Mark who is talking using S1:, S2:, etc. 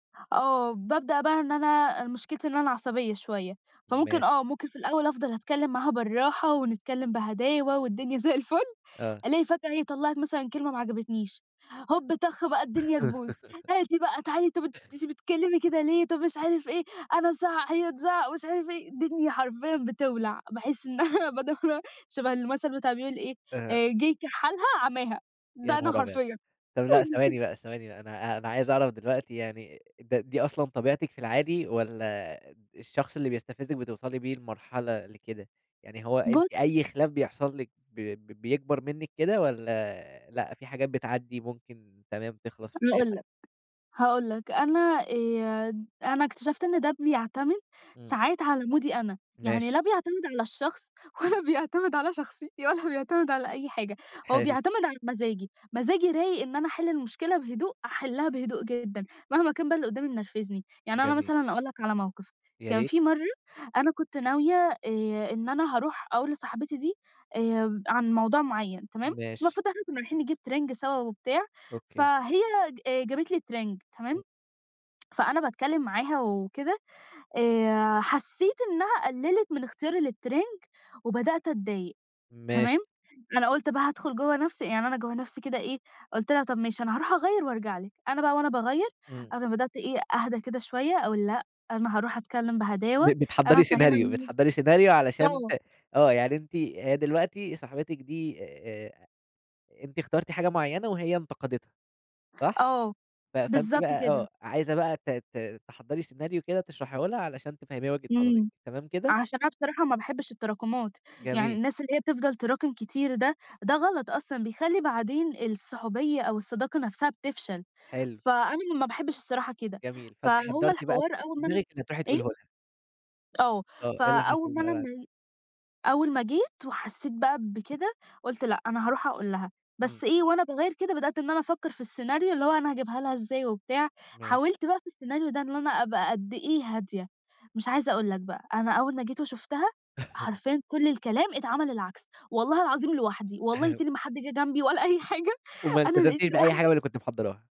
S1: آه بابدأ بقى إن أنا أنا مشكلتي إن أنا عصبية شوية، فممكن
S2: ماشي.
S1: آه ممكن في الأول أفضل أتكلّم معاها بالراحة ونتكلّم بهداوة والدنيا زي الفُل،
S2: آه.
S1: الاقي فجأة هي طلّعِت مثلًا كلمة ما عجبتنيش، هوب طخ بقى الدنيا تبوظ، عادي بقى تعالي أنتِ بت أنتِ بتتكلّمي كده ليه، طَب مش عارف إيه، أنا ازعّق هي تزعّق ومش عارف إيه، الدنيا حرفيًا بتولع، باحس إن أنا [unintelligible] شبه المثل بتاع اللي بيقول إيه،
S2: أها.
S1: آآ جه يكحَّلها عماها، ده
S2: يا
S1: أنا
S2: نهار ابيض!
S1: حرفيًا.
S2: طَب لأ ثواني بقى، ثواني بقي، أنا أنا عايز أعرف دلوقتي يعني ده دي أصلًا طبيعتِك في العادي، والّا الشخص اللي بيستفزِّك بتوصلي بيه لمرحلة لكده؟ يعني هو
S1: بُـص
S2: أنتِ أي خلاف بيحصل لِك ب بيكبر منِك كده، والّا لأ في حاجات بتعدّي ممكن تمام تخلص في
S1: [unintelligible]
S2: ساعتها؟
S1: لك، هاقول لك أنا آآ أنا اكتشفت إن ده بيعتمد
S2: إمم.
S1: ساعات على مودي أنا، يعني لا
S2: ماشي.
S1: بيعتمد على الشخص، ولا بيعتمد على شخصيتي ولا بيعتمد على أي حاجة هو
S2: حلو.
S1: بيعتمد على مزاجي، مزاجي رايق إن أنا أحل المشكلة بهدوء، أحلّها بهدوء جدًا، مهما كان بقى اللي قدّامي منرفزني، يعني أنا
S2: جميل.
S1: مثلًا أقول لك على موقف،
S2: يا
S1: كان
S2: ريت.
S1: في مَرّة أنا كنت ناوية آآ إن أنا هاروح أقول لصاحبتي دي، آآ عن موضوع معيّن تمام،
S2: ماشي.
S1: المفروض إحنا كنا رايحين نجيب ترنج سوا وبتاع،
S2: أوكي.
S1: فهي آآ جابت لي ترنج تمام،
S2: إمم.
S1: فأنا باتكلّم معاها وكده، آآ حسّيت إنها قلّلت من اختياري للترنج، وبدأت أتضايق
S2: ماشي.
S1: تمام، أنا قُلت بقى هادخل جوّه نفْسي يعني أنا جوّه نفْسي كده إيه، قُلت لها: "طيب ماشي أنا هاروح أغيّر وأرجع لِك" أنا بقى وأنا باغيّر،
S2: إمم.
S1: أنا بدأت إيه أهدا كده شوية، أقول لأ أنا هاروح أتكلّم بهداوة،
S2: ب
S1: أنا
S2: بتحضّري
S1: هافهّمها
S2: سيناريو
S1: إن
S2: بتحضّري سيناريو
S1: ه
S2: علشان
S1: آه.
S2: آه يعني أنتِ هي دلوقتي صاحبتِك دي آآ أنتِ إخترتِ حاجة معيّنة وهي انتقدتها، صح؟
S1: آه،
S2: ف فأنتِ
S1: بالضبط
S2: بقى آه،
S1: كده.
S2: عايزة بقى ت ت تحضّري سيناريو كده تشرحيه لها علشان تفهميها وجهة نظرِك،
S1: إمم،
S2: تمام كده؟
S1: عشان أنا بصراحة ما باحبش التراكمات، يعني
S2: جميل.
S1: الناس اللي هي بتفضل تراكم كتير ده ده غلط أصلًا بيخلّي بعدين الصحُوبية أو الصداقة نفْسها بتفشل،
S2: حلو.
S1: فأنا ما باحبش الصراحة كده،
S2: جميل، فأنتِ
S1: فهو
S2: حضّرتِ بقى
S1: الحوار
S2: في
S1: أول ما أنا
S2: دماغِك اللي تروحي تقوليه
S1: إيه؟
S2: لها.
S1: آه
S2: آه، إيه اللي
S1: فأول
S2: حصل
S1: ما
S2: بقى
S1: أنا
S2: بعد
S1: ما أول ما جيت، وحسّيت بقى بكده، قُلت لأ أنا هاروح أقول لها،
S2: إمم.
S1: بس إيه وأنا باغيّر كده بدأت إن أنا أفكر في السيناريو اللي هو أنا هاجيبها لها إزاي وبتاع،
S2: ماشي.
S1: حاولت بقى في السيناريو ده إن أنا أبقى قد إيه هادية، مش عايزة أقول لك بقى، أنا أول ما جيت وشفتها، حرفيًا كلّ الكلام اتعمل العكس، والله العظيم لوحدي، والله تاني ما حد جه جنبي ولا أي حاجة
S2: وما
S1: أنا لقيت
S2: التزمتيش بأي حاجة من
S1: لوحدي
S2: اللي كنتِ محضّراها.